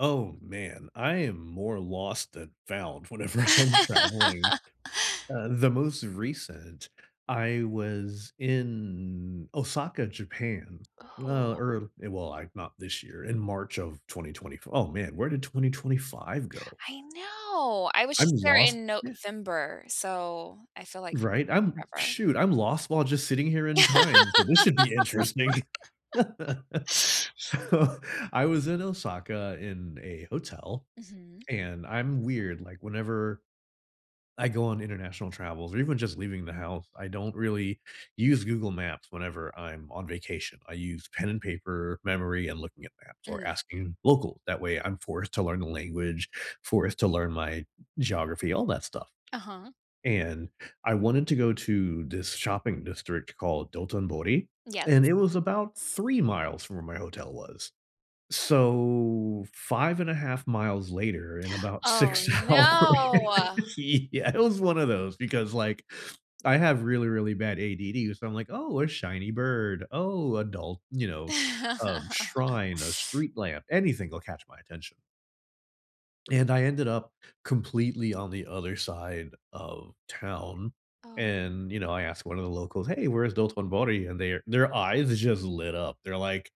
Oh, man, I am more lost than found whenever I'm traveling. Uh, the most recent, I was in Osaka, Japan, uh, Oh. or, eh, well, I, not this year, in March of 2020 f oh man, where did 2025 go? I know. I was I'm just there lost, in yeah. November, so I feel like Right, I'm, forever. shoot, I'm lost while just sitting here in time, so this should be interesting. So, I was in Osaka in a hotel, Mhm. and I'm weird, like, whenever I go on international travels or even just leaving the house I don't really use Google Maps whenever I'm on vacation. I use pen and paper, memory, and looking at maps or Mm. asking locals. That way I'm forced to learn the language, forced to learn my geography, all that stuff. Uh-huh. And I wanted to go to this shopping district called Dotonbori, Yes. and it was about 3 miles from where my hotel was. So, 5 and a half miles later in about Oh, 6 hours, no. yeah, it was one of those, because, like, I have really, really bad ADD so I'm, like, oh, a shiny bird, oh, adult, you know, um, shrine, a street lamp, anything will catch my attention. And I ended up completely on the other side of town, Oh. and, you know, I asked one of the locals, hey, where's Dotonbori? And their their eyes just lit up. They're, like,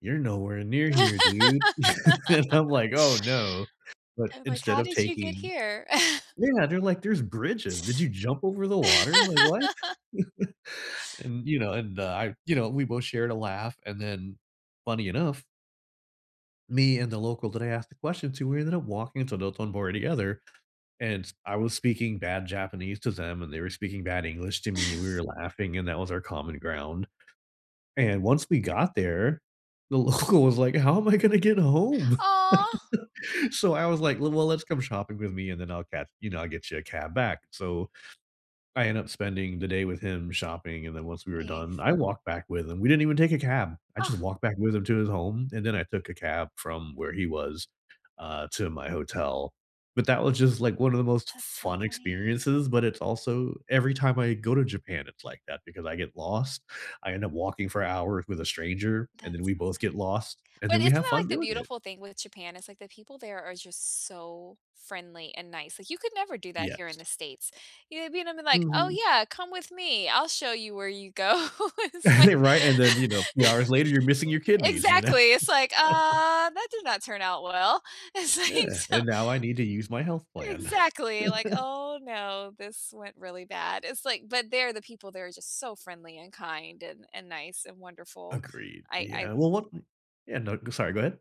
"You're nowhere near here, dude." And I'm, like, "Oh, no," but I'm, like, instead how of did you get taking here? yeah, they're like, "There's bridges. Did you jump over the water? Like, what?" And, you know, and I, you know, we both shared a laugh and then funny enough me and the local that I asked the question to, we ended up walking to Dotonbori together, and s I was speaking bad Japanese to them, and they were speaking bad English to me and we were laughing, and that was our common ground. And once we got there, the local was, like, how am I gonna get home? Aw. So I was, like, l well, let's come shopping with me and then I'll catch, you know, I'll get you a cab back. So, I end up spending the day with him shopping, and then once we were done, Yes. I walked back with him. We didn't even take a cab, I just Oh. walked back with him to his home, and then I took a cab from where he was, uh, to my hotel, but that was just, like, one of the most That's so fun funny. experiences, but it's also, every time I go to Japan, it's, like, that because I get lost, I end up walking for hours with a stranger, and then That's so we both funny. get lost, and But then we isn't have that, fun like, the doing it. beautiful thing with Japan? It's, like, the people there are just so friendly and nice. Like, you could never do that here in Yes. the states, you know, I mean I'm, like, oh, Mhm. yeah, come with me I'll show you where you go. It's, like Right, and then, you know, a few hours later you're missing your kidneys, you know. Exactly it's, like, uh, that did not turn out well. It's, like, Yeah, so and now I need to use my health plan. Exactly like, "Oh, no, this went really bad." It's, like, but they're the people they are just so friendly and kind and and nice and wonderful. Agreed, I I yeah, well, look m yeah, no, g sorry, go ahead.